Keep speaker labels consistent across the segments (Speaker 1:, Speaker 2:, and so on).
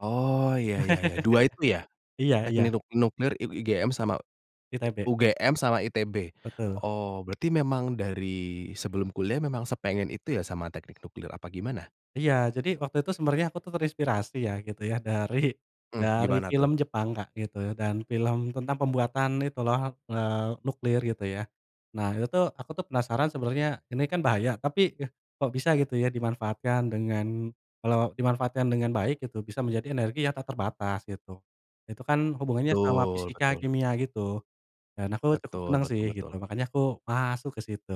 Speaker 1: Oh, iya iya iya, 2 itu, ya?
Speaker 2: Iya iya.
Speaker 1: Teknik Nuk Nuklir I IGM sama e
Speaker 2: ITB.
Speaker 1: UGM sama ITB.
Speaker 2: Betul.
Speaker 1: Oh, berarti memang dari sebelum kuliah memang sepengen itu ya, sama teknik nuklir, apa gimana?
Speaker 2: Iya, jadi, waktu itu sebenarnya aku tuh terinspirasi ya, gitu ya. Dari
Speaker 1: Mmm,
Speaker 2: dari
Speaker 1: gimana
Speaker 2: film
Speaker 1: tuh?
Speaker 2: Jepang, Kak, gitu, dan film tentang pembuatan itu loh, eee, nuklir, gitu ya. Nah, itu tuh, aku tuh penasaran sebenarnya, ini kan bahaya, tapi, eh, kok bisa, gitu ya, dimanfaatkan dengan kalau dimanfaatkan dengan baik, gitu, bisa menjadi energi yang tak terbatas, gitu. Itu kan hubungannya sama
Speaker 1: Betul
Speaker 2: fisika,
Speaker 1: betul.
Speaker 2: kimia, gitu. Dan, aku cukup
Speaker 1: Betul
Speaker 2: senang sih,
Speaker 1: betul
Speaker 2: gitu,
Speaker 1: betul.
Speaker 2: makanya aku masuk ke situ.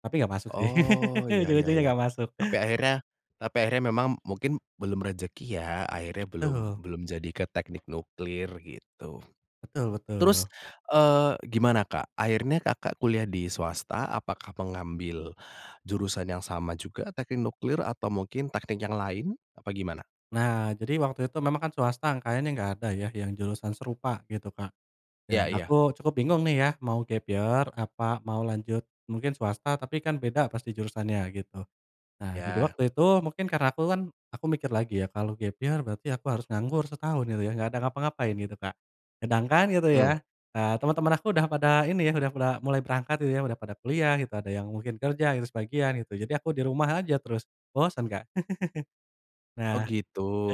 Speaker 2: Tapi, enggak masuk sih.
Speaker 1: Oh, iya iya
Speaker 2: Ujung-ujungnya,
Speaker 1: iya.
Speaker 2: enggak masuk.
Speaker 1: Tapi akhirnya tapi akhirnya memang, mungkin belum rezeki, ya? Akhirnya belum
Speaker 2: Betul.
Speaker 1: belum jadi ke teknik nuklir, gitu.
Speaker 2: Betul
Speaker 1: Terus
Speaker 2: betul.
Speaker 1: eee, gimana Kak? Akhirnya Kakak kuliah di swasta, apakah pengambil jurusan yang sama juga, teknik nuklir? Atau mungkin teknik yang lain, apa gimana?
Speaker 2: Nah, jadi waktu itu memang kan, swasta kayaknya enggak ada ya, yang jurusan serupa, gitu Kak. Dan,
Speaker 1: Iya iya.
Speaker 2: aku cukup bingung nih ya, mau gap year, apa, mau lanjut, mungkin swasta, tapi kan beda pasti jurusannya, gitu. Nah, jadi
Speaker 1: Iya.
Speaker 2: waktu itu mungkin karena aku kan aku mikir lagi ya, kalau gap year, berarti aku harus nganggur setahun, gitu ya, gak ada ngapa-ngapain, gitu Kak. Sedangkan, gitu
Speaker 1: Mmm.
Speaker 2: ya, eee, teman-teman aku udah pada ini, udah pada mulai berangkat, udah pada kuliah gitu, ada yang mungkin kerja gitu, sebagian, gitu. Jadi, aku di rumah aja terus, bosen Kak.
Speaker 1: Oh,
Speaker 2: Nah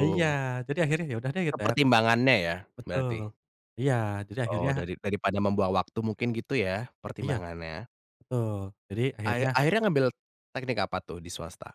Speaker 2: iya, jadi, akhirnya ya udah deh
Speaker 1: Eee,
Speaker 2: kita
Speaker 1: pertimbangannya ya,
Speaker 2: betul,
Speaker 1: berarti?
Speaker 2: iya, jadi
Speaker 1: Oh,
Speaker 2: akhirnya
Speaker 1: dari daripada membuang waktu mungkin, gitu ya,
Speaker 2: Iya,
Speaker 1: pertimbangannya?
Speaker 2: betul. Jadi,
Speaker 1: Akhir
Speaker 2: akhirnya
Speaker 1: akhirnya ngambil teknik apa tuh, di swasta?